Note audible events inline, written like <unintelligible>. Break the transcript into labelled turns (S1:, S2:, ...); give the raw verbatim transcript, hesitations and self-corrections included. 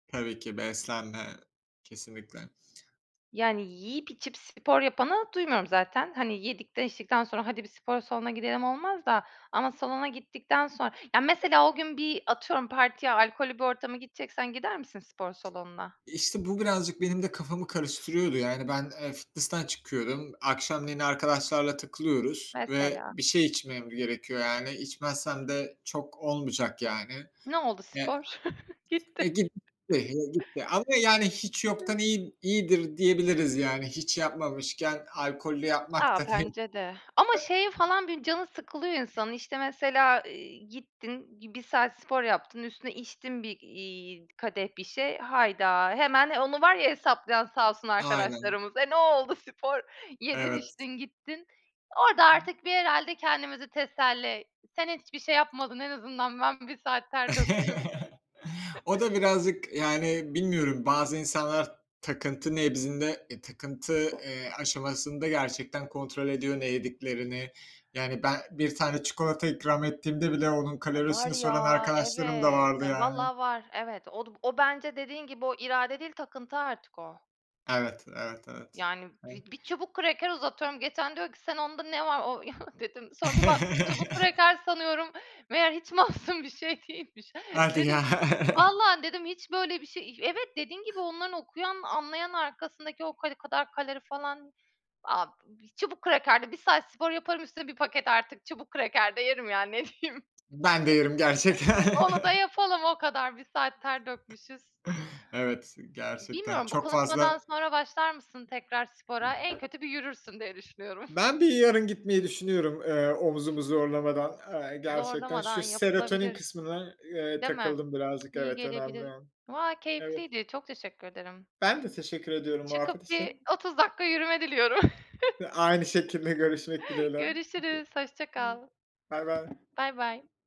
S1: Tabii ki beslenme kesinlikle.
S2: Yani yiyip içip spor yapanı duymuyorum zaten. Hani yedikten içtikten sonra "Hadi, bir spor salonuna gidelim." olmaz da. Ama salona gittikten sonra Ya, mesela o gün bir, atıyorum, partiye, alkollü bir ortama gideceksen gider misin spor salonuna?
S1: İşte, bu birazcık benim de kafamı karıştırıyordu. Yani ben, eee, fitnessten çıkıyorum. Akşamleyin arkadaşlarla takılıyoruz ve
S2: Mesela.
S1: bir şey içmem gerekiyor. Yani içmezsem de çok olmayacak yani.
S2: Ne oldu
S1: E
S2: spor? <chuckles>
S1: E,
S2: Gitti.
S1: gitti,
S2: <chuckles>
S1: e, gitti. Ama yani hiç yoktan
S2: <chuckles>
S1: iyi iyidir diyebiliriz. Yani hiç yapmamışken alkollü yapmak
S2: A,
S1: da
S2: bence de. Ama şeye
S1: <chuckles>
S2: falan bir canı sıkılıyor insanın. İşte, mesela, iii, gittin gi bir bir saat spor yaptın, üstüne içtin bir, iii, kadeh bir şey. Hayda! Hemen onu var ya hesaplayan sağ olsun
S1: Aynen.
S2: arkadaşlarımız. "E, ne oldu spor? Yedin,
S1: Evet.
S2: içtin, gittin." Orada artık bir herhâlde kendimizi teselli, "Sen hiçbir şey yapmadın. En azından ben bir saat ter döktüm."
S1: <chuckles>
S2: <chuckles>
S1: O da birazcık, yani bilmiyorum. Bazı insanlar takıntı nebzinde, e, takıntı, eee, aşamasında gerçekten kontrol ediyor ne yediklerini. Yani ben bir tane çikolata ikram ettiğimde bile onun
S2: E, var
S1: kalorisini soran
S2: ya,
S1: arkadaşlarım da
S2: evet.
S1: vardı
S2: E,
S1: yani.
S2: vallaha var. Evet, o du o bence dediğin gibi, "O irade değil, takıntı artık o."
S1: Evet, evet, evet..
S2: Yani bi
S1: <unintelligible>
S2: bir çubuk kraker uzatıyorum geçen, diyor ki: "Sen onda ne var?" o <scoffs> dedim sonra bir baktım çubuk
S1: <chuckles>
S2: kraker sanıyorum meğer hiç masum bir şey değilmiş.
S1: Hadi ya.
S2: Dedim,
S1: <chuckles>
S2: "Vallaha" dedim, "hiç böyle bir şey" İh Evet, dediğin gibi onların okuyan, anlayan arkasındaki o <unintelligible> kalori falan. Ab çubuk kraker de bir saat spor yaparım, üstüne bir paket artık çubuk kraker de yerim yani, ne diyeyim.
S1: Ben de yerim gerçekten.
S2: Onu da yapalım o kadar. Bir saat ter dökmüşüz.
S1: Evet, gerçekten
S2: Bilmiyorum, bu
S1: çok
S2: konuşmadan
S1: fazla
S2: sonra başlar mısın tekrar spora? En kötü bir yürürsün diye düşünüyorum. <scoffs>
S1: Ben bir yarın gitmeyi düşünüyorum, eee, omzumu zorlamadan. Eee, gerçekten
S2: Zorlamadan
S1: şu serotonin
S2: yapılabilir,
S1: kısmına, eee,
S2: değil mi?
S1: takıldım birazcık.
S2: İyi
S1: Evet, önemli.
S2: gelebilir. Valla
S1: Evet.
S2: keyifliydi. Çok teşekkür ederim.
S1: Ben de teşekkür ediyorum muhabbet
S2: Çıkıp bir
S1: için.
S2: otuz dakika yürüme diliyorum.
S1: Hı, aynı şekilde görüşmek
S2: <chuckles>
S1: dileğiyle.
S2: Görüşürüz. Hoşça kal.
S1: Baybay.
S2: Baybay.